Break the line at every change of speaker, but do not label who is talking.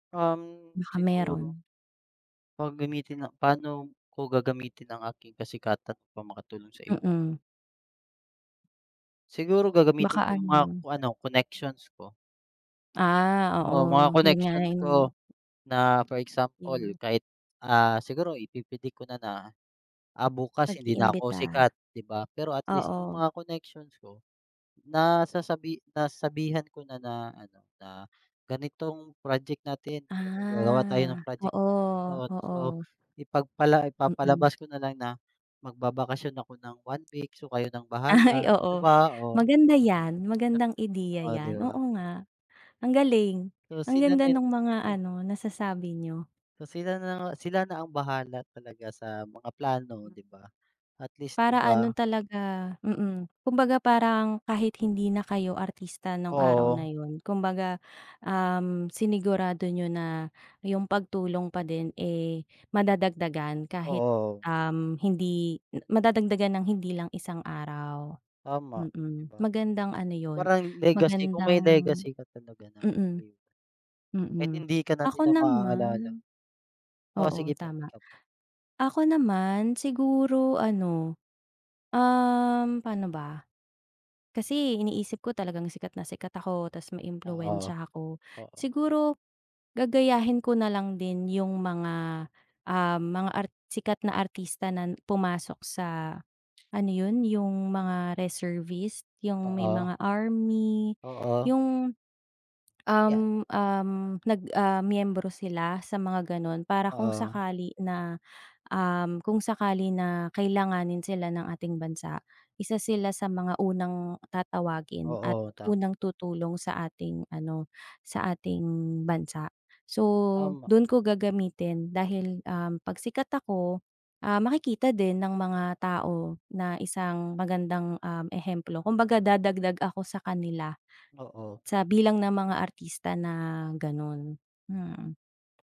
Um,
Baka
siguro.
meron.
Pag gamitin na, paano ko gagamitin ang aking kasikatan upang makatulong sa iba?
Mm.
Siguro gagamitin
Baka
ko yung mga
ano.
ko ano connections ko.
Ah,
Oo mga
oo yun nga
connections ko
yung
na for example
Yung
kahit ah, siguro ipi predict ko na na ah, bukas hindi na ako
Nag-iimbita.
sikat di ba? Pero at least yung
Oo.
mga connections ko nasasabi nasasabihan ko na na ano na ganitong project natin kasi gagawa tayo
Ah,
ng project na ganito.
oo,
So
oo.
ipagpala
Mm.
ipapalabas ko na lang na magbabakasyon ako ng 1 week so kayo ng
Ay
bahala di
oo
ba? Oh.
maganda yan. Magandang ideya
Oh, di
yan
ba.
oo nga, ang galing.
So
Ang
sila
ganda
na yu
nung mga
hmm.
ano nasasabi niyo.
So sila na nga, sila na ang bahala talaga sa mga plano
Hmm.
di ba? At least di
Para
ba?
ano talaga, mm. Kumbaga parang kahit hindi na kayo artista nung araw na
Oo.
yun kumbaga, um, sinigurado niyo na yung pagtulong pa din, eh, madadagdagan kahit
Oo.
um, hindi madadagdagan ng hindi lang isang araw,
Tama, di
mm.
ba?
Magandang ano yun
Parang legacy kung may
magandang
legacy ka talaga na,
mm.
ayun. Kahit
Mm,
hindi ka na
ako
nila maaalala.
naman,
O
oo
sige po,
tama.
ikaw po.
Ako naman siguro ano, um, paano ba? Kasi iniisip ko talagang sikat na sikat ako tas
Oo
maimpluwensya ako.
oo.
Siguro gagayahin ko nalang din yung mga ah, mga ar sikat na artista na pumasok sa ano yun? Yung mga reservist yung may
Oo.
mga army
Oo.
yung,
Yan.
um, um, nag ah, miyembro sila sa mga ganun. Para kung
Oo.
sakali na, um, kung sakali na kailanganin sila ng ating bansa, isa sila sa mga unang tatawagin at
Oo tama.
unang tutulong sa ating ano, sa ating bansa. So
Tama.
dun ko gagamitin dahil, um, pagsikat ako, ah, makikita din ng mga tao na isang magandang, um, ehemplo kumbaga dadagdag ako sakanila
Oo.
sa bilang ng mga artista na ganun, mm.